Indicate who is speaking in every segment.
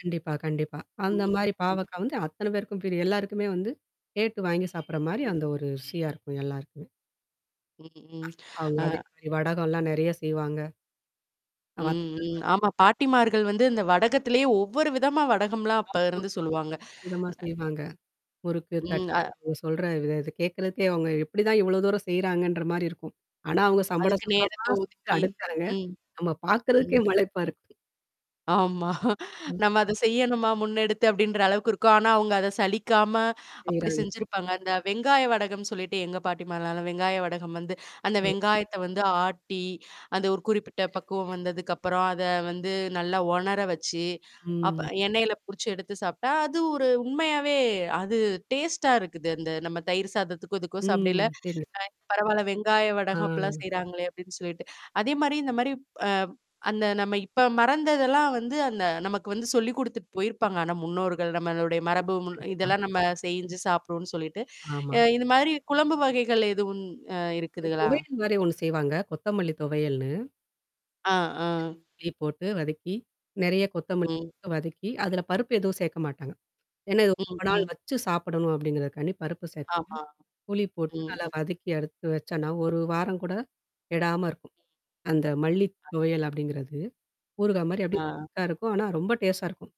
Speaker 1: கண்டிப்பா, கண்டிப்பா.
Speaker 2: ம்.
Speaker 1: அந்தமாரி
Speaker 2: ம்.
Speaker 1: பாவக்கா வந்து அத்தனை பேருக்கும் பிரியம். எல்லாருக்குமே வந்து கேட்டு வாங்கி சாப்பிடுறமாரி
Speaker 2: ம்.
Speaker 1: அந்த ஒரு ருசியா இருக்கும் எல்லாருக்குமே.
Speaker 2: ம்ஹ்ம்.
Speaker 1: அவுங்க
Speaker 2: அ.
Speaker 1: அதேமாரி வடகம்லாம் நிறைய செய்வாங்க.
Speaker 2: ம்,
Speaker 1: வத்தல்
Speaker 2: ம்.
Speaker 1: வடகம்
Speaker 2: ஆமா. பாட்டிமார்கள் வந்து இந்த வடகத்திலேயே ஒவ்வொரு விதமா வடகம்லாம் அப்ப இருந்து
Speaker 1: [unintelligible]
Speaker 2: சொல்லுவாங்க
Speaker 1: அற்புதமா செய்வாங்க. முறுக்கு,
Speaker 2: ம்.
Speaker 1: தட்ட
Speaker 2: அ.
Speaker 1: அவுங்க சொல்ற இத கேட்கிறதுக்கே அவுங்க எப்பிடிதான் இவ்ளோ தூரம் செய்றாங்கன்ற மாரி இருக்கும். ஆனா அவுங்க சம்பட
Speaker 2: அதுக்கு
Speaker 1: சம்படமா
Speaker 2: நேரத்த
Speaker 1: செஞ்சு
Speaker 2: ஒதுக்கி.
Speaker 1: அடுக்குறாங்க.
Speaker 2: ம்.
Speaker 1: நம்ம பார்க்குறதுக்கே
Speaker 2: ம்.
Speaker 1: மலைப்பா இருக்கும்.
Speaker 2: ஆமா.
Speaker 1: ம்.
Speaker 2: நம்ம அத செய்யணுமா, முன்னெடுத்து அப்பிடின்ற அளவுக்கு இருக்கும். ஆனா, அவங்க அத சலிக்காம அப்பிடி
Speaker 1: செய்றாங்க.
Speaker 2: செஞ்சிருப்பாங்க. அந்த வெங்காய வடகம்ன்னு சொல்லிட்டு எங்க பாட்டிமாலாம் நல்ல வெங்காய வடகம் வந்து அந்த
Speaker 1: ம்.
Speaker 2: வெங்காயத்த வந்து ஆட்டி, அந்த ஒரு குறிப்பிட்ட பக்குவம் வந்ததுக்கப்பறம் அத வந்து நல்லா உணர வச்சு, அப்ப
Speaker 1: ம்.
Speaker 2: எண்ணெயில பொரிச்சு எடுத்து சாப்பி்ட்டா, அது ஒரு உண்மையாவே அது டேஸ்ட்டா இருக்குது, அந்த நம்ம தயிர் சாதத்துக்கோ! இதுக்கோ!
Speaker 1: ம்.
Speaker 2: சாப்பிடயில.
Speaker 1: சரிங்க.
Speaker 2: அ பரவால்ல வெங்காய
Speaker 1: ஆ.
Speaker 2: வடகம் அப்பிடிலாம் செய்றாங்களே! அப்பிடின்னு சொல்லிட்டு. அதேமாரி இந்த மாரி அ அந்த நம்ம இப்ப மறந்ததெல்லாம் வந்து அந்த நமக்கு வந்து சொல்லிக் குடுத்துட்டு போயிருப்பாங்க. ஆனா முன்னோர்கள், நம்மளுடைய மரபு,
Speaker 1: கண்டிப்பா.
Speaker 2: மு
Speaker 1: கண்டிப்பா.
Speaker 2: இதெல்லாம் நம்ம செஞ்சு சாப்பிடுவோம்ன்னு சொல்லிட்டு,
Speaker 1: ஆமா.
Speaker 2: அ இந்தமாரி குழம்பு வகைகள் எதுவும் அ இருக்குதுகளா?
Speaker 1: துவையல்மாரி ஒன்னு செய்வாங்க. கொத்தமல்லி துவையல்ன்னு.
Speaker 2: ஆ, ஆ.
Speaker 1: போட்டு வதக்கி. நெறைய கொத்தமல்லி
Speaker 2: ம்.
Speaker 1: வதக்கி அதுல பருப்பு எதுவும் சேர்க்க மாட்டாங்க. ஏன்னா இது
Speaker 2: ம்
Speaker 1: ரொம்ப நாள்
Speaker 2: ம்.
Speaker 1: வச்சு சாப்பிடணும் அப்பிடிங்கிறதுக்கான்டி பருப்பு சேக்க மாட்டாங்க.
Speaker 2: ஆமா.
Speaker 1: புளி போட்டு
Speaker 2: ம்,
Speaker 1: நல்லா
Speaker 2: ம்.
Speaker 1: வதக்கி எடுத்து வச்சனா, ஒரு வாரம் கூட. கெடாம இருக்கும். அந்த மல்லி துவையல் அப்பிடிங்கிறது. ஊறுகாய் மாரி அப்பிடி.
Speaker 2: ஆ.
Speaker 1: [unintelligible] இருக்கும். ஆனா ரொம்ப டேஸ்டா இருக்கும்.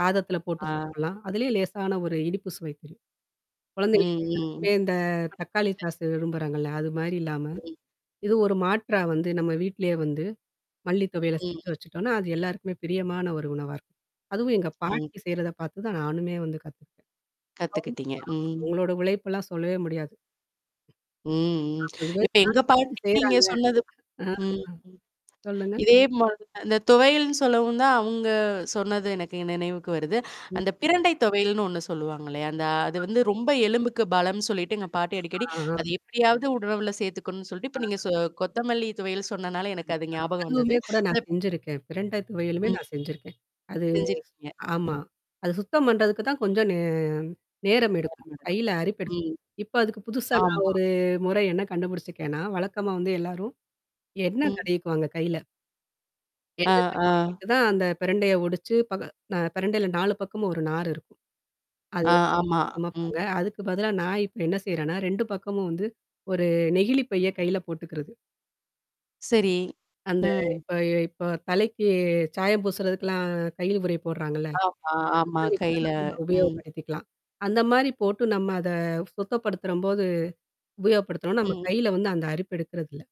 Speaker 1: சாதத்தில போட்டு
Speaker 2: ஆ.
Speaker 1: சாப்பிட்லாம் அதிலயும் லேசான ஒரு இனிப்பு சுவை குடுக்கும்.
Speaker 2: ம்,
Speaker 1: குழந்தைகளுக்கு [unintelligible]
Speaker 2: ம்
Speaker 1: இந்த தக்காளி
Speaker 2: [unintelligible]
Speaker 1: சாஸ்ஸ விரும்புறாங்கல்ல. அதுமாரி இல்லாம,
Speaker 2: ம்.
Speaker 1: இது ஒரு மாற்றா வந்து நம்ம வீட்லயே வந்து மல்லித் துவையல செஞ்சு
Speaker 2: ம்.
Speaker 1: வச்சுட்டோன்னா, அது எல்லாருக்குமே பிரியமான ஒரு உணவா இருக்கும். அதுவும் எங்க
Speaker 2: ம்.
Speaker 1: பாட்டி செய்யிறத பார்த்து தான் நானுமே வந்து கத்துக்கிட்டேன். [unintelligible]
Speaker 2: கத்துக்கிட்டீங்க. ம்.
Speaker 1: அவுங்களோட உழைப்பெல்லாம் சொல்லவே முடியாது.
Speaker 2: ம், ம். இப்ப எங்க
Speaker 1: [unintelligible]
Speaker 2: பாட்டிக்கி நீங்க
Speaker 1: செய்றாங்க.
Speaker 2: சொன்னதுக்கு
Speaker 1: ஆ, அ
Speaker 2: ம், ம்.
Speaker 1: சொல்லுங்க.
Speaker 2: இதே மு அந்த துவையல்னு சொல்லவும் தான், அவுங்க சொன்னது எனக்கு நினைவுக்கு வருது.
Speaker 1: ம்.
Speaker 2: அந்த பிரண்டை துவையல்ன்னு ஒன்னு சொல்லுவாங்க இல்லையா? அந்த அது வந்து ரொம்ப
Speaker 1: ஆமாமா.
Speaker 2: எலும்புக்கு பலம்னு சொல்லிட்டு எங்க பாட்டி
Speaker 1: கண்டிப்பா.
Speaker 2: அடிக்கடி,
Speaker 1: ஆஹா!
Speaker 2: அத எப்படியாவது உணவுல சேர்த்துக்கணுன்னு சொல்ட்டு,
Speaker 1: ஆ.
Speaker 2: இப்ப நீங்க சொ கொத்தமல்லி துவையல் சொன்னனால எனக்கு
Speaker 1: கண்டிப்பா.
Speaker 2: அது ஞாபகம்
Speaker 1: அதுவுமே
Speaker 2: வந்தது.
Speaker 1: கூட நான்
Speaker 2: அப்
Speaker 1: செஞ்சிருக்கேன். பிரண்ட துவையிலுமே
Speaker 2: ம்.
Speaker 1: நான் செஞ்சிருக்கேன். அது
Speaker 2: செஞ்சிருக்கீங்க.
Speaker 1: ஆமா. அது சுத்தம் பண்றதுக்கு தான் கொஞ்சம் நே நேரம் எடுக்கும். கையில அரிப்பு
Speaker 2: [unintelligible]
Speaker 1: எடுக்கும்.
Speaker 2: ம்.
Speaker 1: இப்ப அதுக்கு புதுசா நான்
Speaker 2: ஆமா.
Speaker 1: ஒரு முறை என்ன கண்டுபிடிச்சுக்கேன்னா, வழக்கமா வந்து எல்லாரும் எண்ணெய்
Speaker 2: ம்.
Speaker 1: தடவிக்குவாங்க கையில.
Speaker 2: ஆ,
Speaker 1: எண்ணெய்
Speaker 2: ஆ.
Speaker 1: தடவிக்கிட்டு தான் அந்த பெரண்டைய ஒடிச்சு, பக நா பெரண்டையில 4 பக்கம் ஒரு நார் இருக்கும். அது.
Speaker 2: ஆ, ஆமா. ம்.
Speaker 1: சமைப்பாங்க. அதுக்கு பதிலா நான் இப்ப என்ன செய்றேன்னா, பக்கமும் வந்து ஒரு நெகிழி பைய கையில போட்டுக்கிறது.
Speaker 2: சரி.
Speaker 1: அந்த
Speaker 2: ம்.
Speaker 1: இப்ப இப்போ தலைக்கு சாயம் பூசுறதுக்கல்லாம் கையில உறை போடுறாங்கள்ல.
Speaker 2: ஆமா, ஆமா
Speaker 1: அந்தமாரி [unintelligible]
Speaker 2: கையில
Speaker 1: நம்ம
Speaker 2: ம்.
Speaker 1: உபயோகப்படுத்திக்கலாம். அந்தமாரி போட்டு நம்ம அத சுத்தப்படுத்தும்போது உபயோகப்படுத்துனோன்னா, நம்ம
Speaker 2: ம்.
Speaker 1: கையில வந்து அந்த அரிப்பு எடுக்கறதில்ல.